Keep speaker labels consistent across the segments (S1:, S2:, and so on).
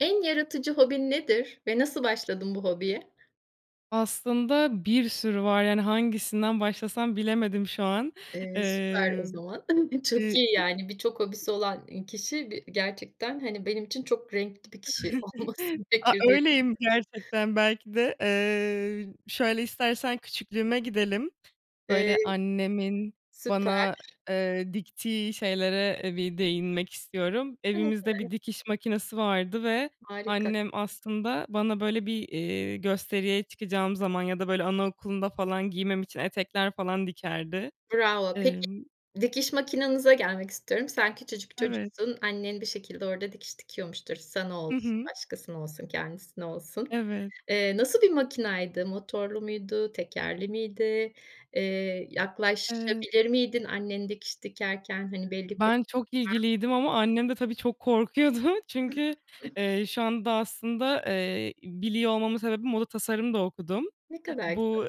S1: En yaratıcı hobin nedir ve nasıl başladın bu hobiye?
S2: Aslında bir sürü var. Yani, hangisinden başlasam bilemedim şu an,
S1: Eee, süper o
S2: eee,
S1: zaman çok
S2: eee
S1: iyi, yani, birçok hobisi olan, eee, kişi gerçekten, hani, benim için çok renkli bir kişi olması
S2: A,
S1: gerekir diye [unintelligible]
S2: öyleyim gerçekten, belki de, eee Şöyle, istersen küçüklüğüme gidelim.
S1: Eee,
S2: Böyle, annemin
S1: süper.
S2: bana, eee, diktiği şeylere bir değinmek istiyorum. Evimizde bir
S1: [unintelligible]
S2: dikiş makinesi vardı ve
S1: Harika.
S2: annem aslında bana, böyle bir, eee, gösteriye çıkacağım zaman ya da, böyle, anaokulunda falan giymem için etekler falan dikerdi.
S1: Bravo, peki,
S2: Emm
S1: dikiş makinanıza gelmek istiyorum. Sen küçücük
S2: Evet.
S1: çocuksun, annen bir şekilde orada dikiş dikiyormuştur, sana
S2: Hı
S1: olsun,
S2: hı.
S1: başkasına olsun, kendisine olsun.
S2: Evet.
S1: Eee, nasıl bir makinaydı motorlu muydu, tekerli miydi? Eee,
S2: Eee
S1: yaklaşabilir miydin annen dikiş dikerken? Hani, belli kur
S2: Ben çok
S1: [unintelligible]
S2: ilgiliydim ama annem de tabii çok korkuyordu. Çünkü, eee, şu anda aslında, eee, biliyor olmamın sebebi moda tasarım da okudum.
S1: Ne kadar güzel.
S2: Bu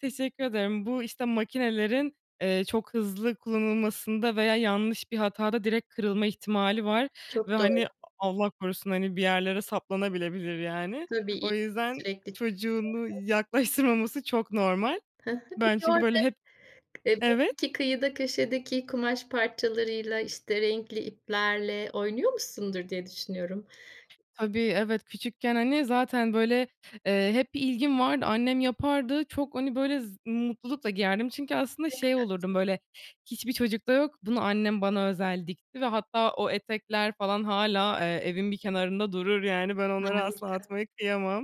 S2: Teşekkür ederim, bu, işte, makinelerin, eee, çok hızlı kullanılmasında veya yanlış bir hatada direkt kırılma ihtimali var ve,
S1: Çok
S2: hani,
S1: doğru.
S2: Allah korusun, hani, bir yerlere saplanabilir, yani.
S1: Tabii
S2: O
S1: [unintelligible]
S2: yüzden
S1: sürekli çalışıyorlar.
S2: çocuğunu yaklaştırmaması çok normal.
S1: Hı hı,
S2: Ben
S1: peki,
S2: çünkü
S1: orada,
S2: böyle hep
S1: eee,
S2: Evet.
S1: belli ki kıyıda köşedeki kumaş parçalarıyla, işte, renkli iplerle oynuyormuşsundur diye düşünüyorum.
S2: Tabii, evet, küçükken, hani, zaten, böyle, eee, hep bir ilgim vardı, annem yapardı, çok, hani, böyle, z mutlulukla giyerdim. Çünkü aslında
S1: Ne
S2: şey
S1: kadar
S2: olurdum,
S1: güzel.
S2: böyle, "Hiçbir çocukta yok, bunu annem bana özel dikti." Ve hatta o etekler falan hâlâ, eee, evin bir kenarında durur. Yani, ben onları asla
S1: Harika.
S2: atmaya kıyamam.